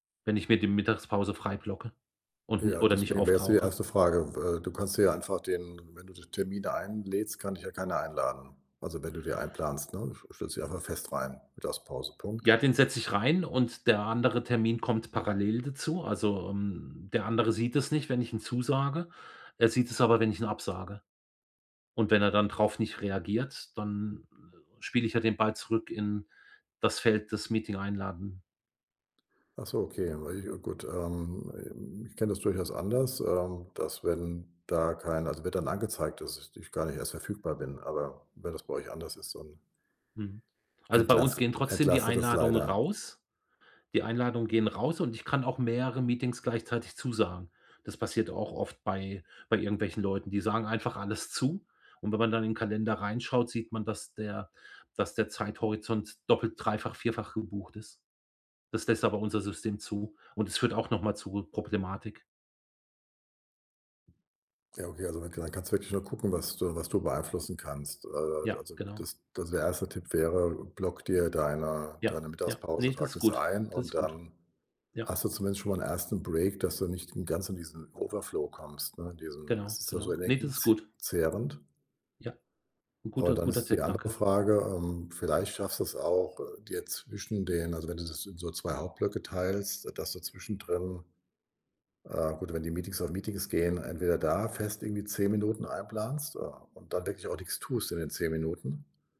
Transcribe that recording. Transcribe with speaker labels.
Speaker 1: Wenn ich mir die Mittagspause frei blocke und ni
Speaker 2: Ja,
Speaker 1: oder nicht
Speaker 2: deswegen wäre es die
Speaker 1: auftauche.
Speaker 2: erste Frage, w äh, du kannst dir ja einfach den wenn du den Termin da einlädst, kann dich ja keiner einladen. Also, wenn du die einplanst, ne? St stellst die einfach fest rein, Mittagsause, Punkt.
Speaker 1: Ja, den setze ich rein und der andere Termin kommt parallel dazu. Also, ähm, der andere sieht es nicht, wenn ich ihn zusage. Er sieht es aber, wenn ich ihn absage. Und wenn er dann drauf nicht reagiert, dann spiele ich ja den Ball zurück in das Feld des Meeting-Einladen.
Speaker 2: Ach so, okay, wei ich ja, gut. Ähm, ich kenne das durchaus anders, ähm, dass wenn da kein also wird dann angezeigt, dass ich gar nicht erst verfügbar bin, aber wenn das bei euch anders ist, und
Speaker 1: Mhm. Also, bei uns
Speaker 2: entlastet
Speaker 1: gehen trotzdem die
Speaker 2: entlastet das
Speaker 1: Einladungen
Speaker 2: leider.
Speaker 1: raus. Die Einladungen gehen raus und ich kann auch mehrere Meetings gleichzeitig zusagen. Das passiert auch oft bei bei irgendwelchen Leuten. Die sagen einfach alles zu und wenn man dann in den Kalender reinschaut, sieht man, dass der dass der Zeithorizont doppelt, dreifach, vierfach gebucht ist. Das lässt aber unser System zu und es führt auch noch mal zur Problematik.
Speaker 2: Ja, okay, also, wenn kann dann kannst du wirklich nur gucken, was du was du beeinflussen kannst. Äh,
Speaker 1: Ja,
Speaker 2: also
Speaker 1: genau.
Speaker 2: das das der erste Tipp wäre: Block dir deine
Speaker 1: Ja,
Speaker 2: deine
Speaker 1: ja,
Speaker 2: Mittagspause,
Speaker 1: ne, das
Speaker 2: trag
Speaker 1: ist
Speaker 2: das
Speaker 1: gut,
Speaker 2: ein
Speaker 1: das
Speaker 2: und
Speaker 1: ist gut.
Speaker 2: dann
Speaker 1: Ja.
Speaker 2: hast du zumindest schon mal 'n ersten Break, dass du nicht ganz in diesen Overflow kommst, ne? Diesen
Speaker 1: Genau,
Speaker 2: es ist ja so
Speaker 1: genau. Ne, das ist
Speaker 2: energieze
Speaker 1: gut.
Speaker 2: zehrend.
Speaker 1: Ja, 'n
Speaker 2: Boah,
Speaker 1: guter
Speaker 2: und dann
Speaker 1: guter
Speaker 2: ist die
Speaker 1: Tipp,
Speaker 2: andere
Speaker 1: danke.
Speaker 2: Frage, ähm, vielleicht schaffst du es auch, äh, dir zwischen den also, wenn du das in so 2 Hauptblöcke teilst, äh, dass du zwischendrin ah, gut, wenn die Meetings auf Meetings gehen, entweder da fest irgendwie 10 Minuten einplanst, äh, und dann wirklich auch nix tust in den 10 Minuten.